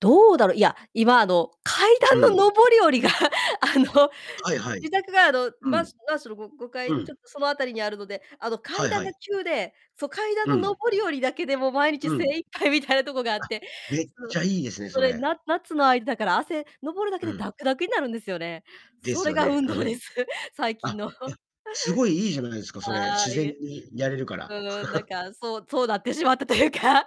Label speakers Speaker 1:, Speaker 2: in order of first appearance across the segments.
Speaker 1: どうだろ、いや、今あの、階
Speaker 2: う
Speaker 1: 段
Speaker 2: ん。
Speaker 1: の上り下りがあの、
Speaker 2: あ、はいはい。
Speaker 1: 自宅があの、
Speaker 2: う
Speaker 1: マン
Speaker 2: ん。
Speaker 1: ショマンションのごごか
Speaker 2: う
Speaker 1: い、ちょ
Speaker 2: ん。
Speaker 1: っとその辺りにあるので、あの、
Speaker 2: は
Speaker 1: 階
Speaker 2: い
Speaker 1: 段
Speaker 2: は
Speaker 1: が
Speaker 2: い。
Speaker 1: 急で、そ、階段
Speaker 2: う
Speaker 1: の
Speaker 2: ん。
Speaker 1: 上り下りだけでもう、毎日
Speaker 2: う
Speaker 1: 精
Speaker 2: ん。
Speaker 1: 一杯みたいなとこがあっ
Speaker 2: あ、
Speaker 1: て、
Speaker 2: めっ
Speaker 1: そう。
Speaker 2: ちゃいいですね、
Speaker 1: そ
Speaker 2: そ
Speaker 1: れ
Speaker 2: れ。
Speaker 1: な夏の間だから汗、上るだけ
Speaker 2: う
Speaker 1: で、
Speaker 2: ん。
Speaker 1: だくだくになるんですよね。
Speaker 2: で
Speaker 1: そ
Speaker 2: す
Speaker 1: れ
Speaker 2: よ
Speaker 1: が
Speaker 2: ね。
Speaker 1: 運
Speaker 2: う
Speaker 1: 動で
Speaker 2: ん。
Speaker 1: す、最
Speaker 2: あ、
Speaker 1: 近の。
Speaker 2: い や、すごいいいじゃないですか、それ。
Speaker 1: あ
Speaker 2: 自
Speaker 1: あ、い
Speaker 2: 然
Speaker 1: え。
Speaker 2: にやれるか
Speaker 1: う
Speaker 2: ら。
Speaker 1: ーん、なん かそう、そうなってしまったというか。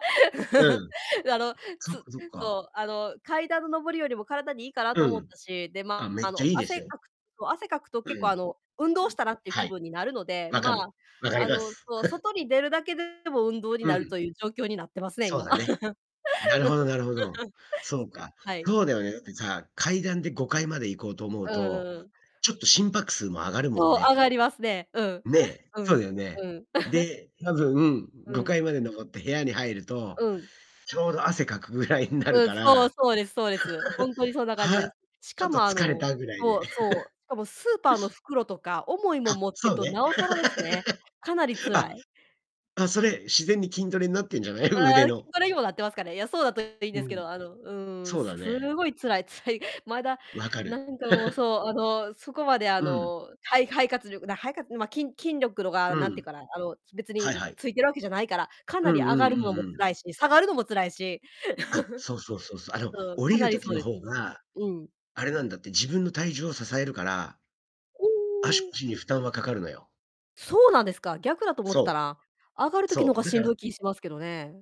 Speaker 2: う ん。
Speaker 1: あの、
Speaker 2: そっ
Speaker 1: つ
Speaker 2: かそっ
Speaker 1: そ
Speaker 2: か。
Speaker 1: う、あの、階段の上り下りも体にいいかな
Speaker 2: う
Speaker 1: と思っ
Speaker 2: ん。
Speaker 1: たし、で、
Speaker 2: あ、
Speaker 1: ま、
Speaker 2: めっ
Speaker 1: あ
Speaker 2: ちゃ
Speaker 1: の
Speaker 2: いいです
Speaker 1: 汗
Speaker 2: よ。
Speaker 1: かくと汗かくと
Speaker 2: う
Speaker 1: 結
Speaker 2: ん。う
Speaker 1: 構あ
Speaker 2: ん、
Speaker 1: の運動したなっていう
Speaker 2: は
Speaker 1: 気
Speaker 2: い。
Speaker 1: 分になるので、
Speaker 2: わ
Speaker 1: ま
Speaker 2: かる。
Speaker 1: あ、
Speaker 2: わかり
Speaker 1: あ
Speaker 2: ま
Speaker 1: の
Speaker 2: す。
Speaker 1: そう、外に出るだけでも運動に
Speaker 2: う
Speaker 1: なる
Speaker 2: ん。
Speaker 1: という状況になってますね、
Speaker 2: そう
Speaker 1: 今。
Speaker 2: だね。なるほどなるほど。そう か、
Speaker 1: はい。
Speaker 2: そうだよね、だってさ、階段で5階まで行こうと思う
Speaker 1: う
Speaker 2: と、
Speaker 1: んうん。
Speaker 2: ちょっと心拍数も上がるもん
Speaker 1: そう、上
Speaker 2: ね。
Speaker 1: がりますね、うん。
Speaker 2: ね、
Speaker 1: う
Speaker 2: そう
Speaker 1: ん、
Speaker 2: だよね。
Speaker 1: うん。
Speaker 2: で、多分、
Speaker 1: う
Speaker 2: ごか
Speaker 1: ん。
Speaker 2: いまで上って部屋に入ると、
Speaker 1: うん。
Speaker 2: ちょうど汗かくぐらいになる
Speaker 1: うん、
Speaker 2: か
Speaker 1: そう、
Speaker 2: ら、
Speaker 1: そうですそうです。ほんとに そんな感じで
Speaker 2: 「は、
Speaker 1: す。し
Speaker 2: ちょ
Speaker 1: か
Speaker 2: っと
Speaker 1: もあ
Speaker 2: 疲れ
Speaker 1: の
Speaker 2: た」ぐらい
Speaker 1: そ
Speaker 2: で。
Speaker 1: うそう、しかもスーパーの袋とか重いも
Speaker 2: あ、
Speaker 1: ん持って
Speaker 2: そ
Speaker 1: る
Speaker 2: う
Speaker 1: と
Speaker 2: ね。
Speaker 1: なおさらですね。かなり 辛
Speaker 2: あ、
Speaker 1: い。
Speaker 2: あ、それ、自然に筋トレになってんじゃない、
Speaker 1: あ、
Speaker 2: 腕
Speaker 1: 筋
Speaker 2: の。
Speaker 1: トレにもなってますかね。いや、そうだといいん
Speaker 2: う
Speaker 1: ですけ
Speaker 2: ん。
Speaker 1: ど、あのうーん、
Speaker 2: そう
Speaker 1: す
Speaker 2: だね。
Speaker 1: ごい辛い辛い。まだ
Speaker 2: 分か
Speaker 1: な
Speaker 2: る。
Speaker 1: んかもう そう、あの、そこまであ
Speaker 2: うん。
Speaker 1: の肺肺活力な肺活ん、ま、きん筋力ろが
Speaker 2: う
Speaker 1: なんて言
Speaker 2: ん。
Speaker 1: うかな、あの、別に、
Speaker 2: はい
Speaker 1: ん、
Speaker 2: はい。
Speaker 1: ついてるわけじゃないから、かな
Speaker 2: う
Speaker 1: り
Speaker 2: ん
Speaker 1: 上
Speaker 2: う
Speaker 1: がる
Speaker 2: んう
Speaker 1: のも
Speaker 2: んうん。
Speaker 1: 辛いし、下がるのも辛いし。
Speaker 2: あ、そうそうそうそ う。あの、
Speaker 1: そう、
Speaker 2: 下
Speaker 1: か
Speaker 2: りる
Speaker 1: なり
Speaker 2: 時
Speaker 1: そう
Speaker 2: の
Speaker 1: です。
Speaker 2: 方が、
Speaker 1: うん。
Speaker 2: あれなんだって、自分の体重を支えるから
Speaker 1: う
Speaker 2: 足
Speaker 1: ーん。
Speaker 2: 腰に負担はかかるのよ。
Speaker 1: そうなんですか、逆だと思ってた
Speaker 2: そう。
Speaker 1: な、上がる時の
Speaker 2: そう、
Speaker 1: が
Speaker 2: だ
Speaker 1: し
Speaker 2: か
Speaker 1: ん
Speaker 2: ら
Speaker 1: どい気しますけどね。